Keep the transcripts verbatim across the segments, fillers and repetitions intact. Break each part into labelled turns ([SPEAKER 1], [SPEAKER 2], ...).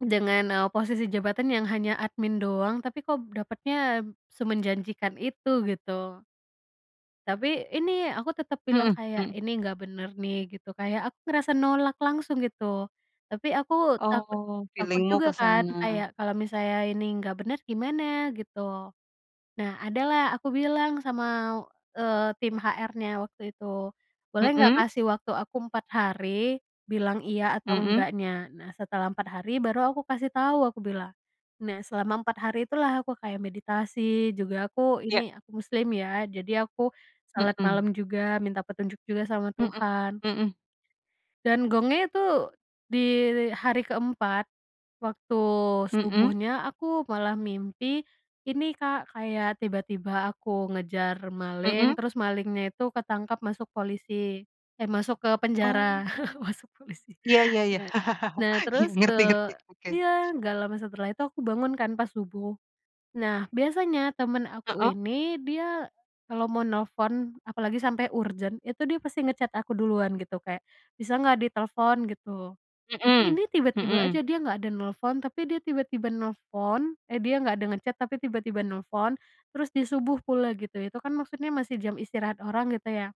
[SPEAKER 1] Dengan, eee, posisi jabatan yang hanya admin doang, tapi kok dapatnya semenjanjikan itu, gitu. Tapi, ini aku tetap bilang
[SPEAKER 2] Mhm
[SPEAKER 1] kayak,
[SPEAKER 2] mhm.
[SPEAKER 1] "Ini nggak bener nih," gitu. Kayak aku ngerasa nolak langsung gitu. Tapi aku takut
[SPEAKER 2] Oh,
[SPEAKER 1] takut
[SPEAKER 2] feeling-mu ke
[SPEAKER 1] juga kan,
[SPEAKER 2] sana.
[SPEAKER 1] kayak kalau misalnya ini nggak bener, gimana gitu. Nah, ada lah aku bilang sama, eee, tim HR-nya waktu itu, "Boleh nggak,
[SPEAKER 2] Mhm.
[SPEAKER 1] kasih waktu aku empat hari bilang iya atau
[SPEAKER 2] Mhm.
[SPEAKER 1] enggaknya?" Nah, "Setelah empat hari baru aku kasih tahu," aku bilang. Nah, selama empat hari itulah aku kayak meditasi, juga aku ini,
[SPEAKER 2] Iya.
[SPEAKER 1] aku muslim ya, jadi aku sholat
[SPEAKER 2] Hmm.
[SPEAKER 1] malam juga minta petunjuk juga sama
[SPEAKER 2] Mhm,
[SPEAKER 1] Tuhan.
[SPEAKER 2] mhm.
[SPEAKER 1] Dan gongnya itu di hari keempat waktu
[SPEAKER 2] Mhm.
[SPEAKER 1] subuhnya, aku malah mimpi, ini Kak, kayak tiba-tiba aku ngejar maling,
[SPEAKER 2] Mhm.
[SPEAKER 1] terus malingnya itu ketangkap masuk polisi. Eh masuk ke
[SPEAKER 2] Oh.
[SPEAKER 1] penjara. Masuk polisi.
[SPEAKER 2] Iya iya iya,
[SPEAKER 1] bene nah,
[SPEAKER 2] iya,
[SPEAKER 1] terus
[SPEAKER 2] ngerti ngerti,
[SPEAKER 1] tuh,
[SPEAKER 2] oke.
[SPEAKER 1] eee iya, nggak lama setelah itu aku bangun kan pas subuh. Nah, biasanya temen aku
[SPEAKER 2] Heeh.
[SPEAKER 1] ini, dia kalau mau nelpon apalagi sampai urgent itu dia pasti nge-chat aku duluan gitu, kayak, "Bisa nggak, ditelepon?" Gitu. Tapi ini
[SPEAKER 2] Mhm,
[SPEAKER 1] tiba-tiba
[SPEAKER 2] mhm.
[SPEAKER 1] aja, dia nggak ada nelpon, tapi dia tiba-tiba nelpon ehdia nggak ada nge-chat tapi tiba-tiba nelpon, terus di subuh pula gitu. Itu kan maksudnya masih jam istirahat orang, gitu ya.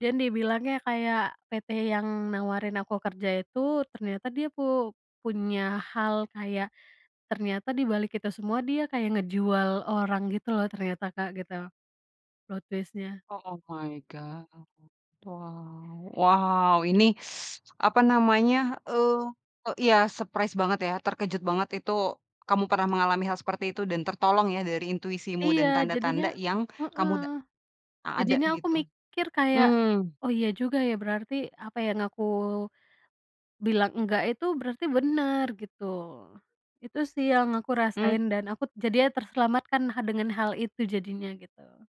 [SPEAKER 1] Dan dibilangnya kayak, PT yang nawarin aku kerja itu, ternyata dia pu punya hal kayak ternyata di balik itu semua, dia kayak ngejual orang gitu loh, ternyata Kak, gitu plot twist-nya.
[SPEAKER 2] O oh my God. Wow wow, ini apa namanya, eee eee, iya, surprise banget ya, terkejut banget itu kamu pernah mengalami hal seperti itu dan tertolong ya, dari intuisimu
[SPEAKER 1] Iya,
[SPEAKER 2] dan
[SPEAKER 1] jadinya
[SPEAKER 2] tanda-tanda yang kamu
[SPEAKER 1] heeh,
[SPEAKER 2] da a ada
[SPEAKER 1] jadinya aku
[SPEAKER 2] gitu.
[SPEAKER 1] mikir kayak,
[SPEAKER 2] Mmm.
[SPEAKER 1] oh, iya juga ya, berarti apa yang aku bilang enggak itu berarti bener, gitu. Itu sih yang aku
[SPEAKER 2] Mmm.
[SPEAKER 1] rasain dan aku jadinya terselamatkan ha dengan hal itu jadinya, gitu.